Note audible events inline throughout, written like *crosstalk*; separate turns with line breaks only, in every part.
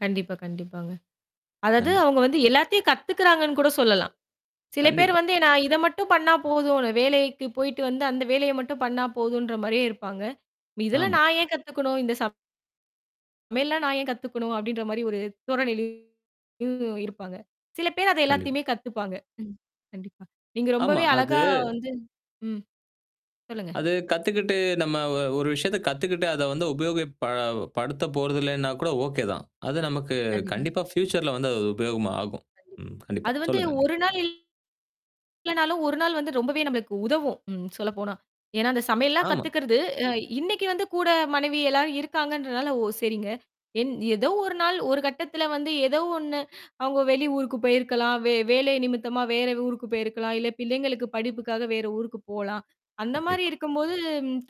கண்டிப்பா, கண்டிப்பாங்க. அதாவது
கண்டிப்
அவங்க வந்து எல்லாத்தையும் கத்துக்குறாங்கன்னு கூட சொல்லலாம். சில பேர்
கண்டிப்பா.
வந்து, நா இத மட்டும் பண்ணா போதும். வேலைக்கு போயிட்டு வந்து, அந்த வேலையை மட்டும் பண்ணா போதும்ன்ற மாரியே இருப்பாங்க. "இதெல்லாம்
ஆமா.
நா ஏன் கத்துக்கணும்? இந்த ச" "சமையல்லாம் நா ஏன் கத்துக்கணும்?" அப்படீன்ற மாரி ஒரு தோரணைலே *unintelligible* இருப்பாங்க. சில பேர் அது
கண்டிப்
எல்லாத்தையுமே கத்துப்பாங்க. ம். கண்டிப்பா. நீங்க
ஆமா.
ரொம்பவே அழகா
அது
வந்து ம். சொல்லுங்க.
அது கத்துக்கிட்டு நம்ம ஒ ஒரு விஷயத்தை கத்துக்கிட்டு அத வந்து உபயோகப் ப படுத்தப்போறது இல்லைன்னா கூட ஓகே தான். அது நமக்குக்
கண்டிப்பா.
கண்டிப்பா ஃப்யூச்சர்ல வந்து அது உபயோகமா ஆகும்.
கண்டிப்பா.
ம். கண்டிப்பா.
அது வந்து
சொல்லுங்க அண்ணி.
1 நாள் இல்லனாலும் 1 நாள் வந்து ரொம்பவே நம்பளுக்கு உதவும், ம் சொல்லப்போனா. ஏன்னா அந்த சமையல்லாம்
ஆமா.
கத்துக்கிறது அ இன்னைக்கு வந்து கூட மனைவி எல்லாரும் இருக்காங்கன்றனால ஓ சரிங்க. என் எதோ ஒரு நாள் ஒரு கட்டத்துல வந்து ஏதோ ஒண்ணு அவங்க வெளி ஊருக்குப் போயிருக்கலாம். வே வேலை நிமித்தமா வேற ஊருக்குப் போயிருக்கலாம். இல்ல பிள்ளைங்களுக்கு படிப்புக்காக வேற ஊருக்குப் போலாம். அந்த மாரி
கண்டிப்பா.
இருக்கும்போது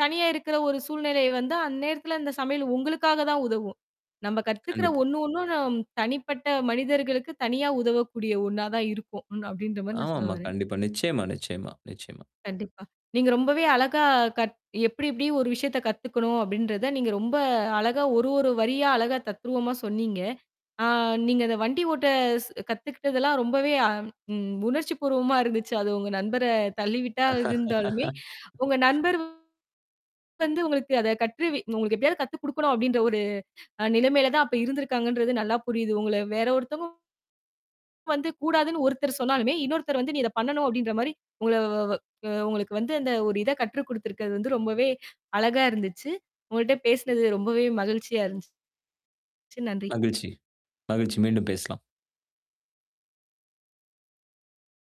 தனியா இருக்கிற ஒரு சூழ்நிலை வந்தா, அந்நேரத்துல அந்த சமையல் உங்களுக்காகதான் உதவும். "நம்ப கத்துக்குற
கண்டிப்பா.
ஒண்ணு ஒண்ணும், நம் தனிப்பட்ட மனிதர்களுக்குத் தனியா உதவக்கூடிய ஒண்ணாதான் இருக்கும் ம்." அப்படீன்ற மாரி நான் சொல்ல
ஆமாம்மா,
வர்றேன்.
கண்டிப்பா. நிச்சயமா, நிச்சயமா, நிச்சயமா.
கண்டிப்பா. நீங்க ரொம்பவே அழகா கத் "எப்படி எப்படி ஒரு விஷயத்தைக் கத்துக்கணும்." அப்படீன்றதை நீங்க ரொம்ப அழகா ஒரு, ஒரு வரியா அழகா தத்ரூவமா சொன்னீங்க. அ நீங்க அத வண்டி ஓட்ட ஸ் கத்துக்கிட்டதெல்லாம் ரொம்பவே அம் ம் உணர்ச்சிபூர்வமா இருந்துச்சு. அது உங்க நண்பரத் தள்ளிவிட்டதா இருந்தாலுமே. உங்க
*laughs*
நண்பர் வந்து உங்களுக்கு அத கற்று வி உங்களுக்கு எப்படியாவது கத்துக்குடுக்கணும் அப்படீன்ற ஒரு அ நிலைமையிலதான் அப்ப இருந்திருக்காங்கன்றது நல்லா புரியுது. உங்கள வேற ஒருத்தங்க வந்து கூடாதுன்னு ஒருத்தர் சொன்னாலுமே, இன்னொருத்தர் வந்து "நீ இத பண்ணணும்." அப்படீன்ற மாரி, உங்களை வ வ அ உங்களுக்கு வந்து அந்த ஒரு இத கற்றுக்குடுத்திருக்கது வந்து ரொம்பவே அழகா இருந்துச்சு. உங்ககிட்ட பேசினது ரொம்பவே மகிழ்ச்சியா இருந்துச்சு. சு நன்றி.
மகிழ்ச்சி. மகிழ்ச்சி. மீண்டும் பேசலாம்.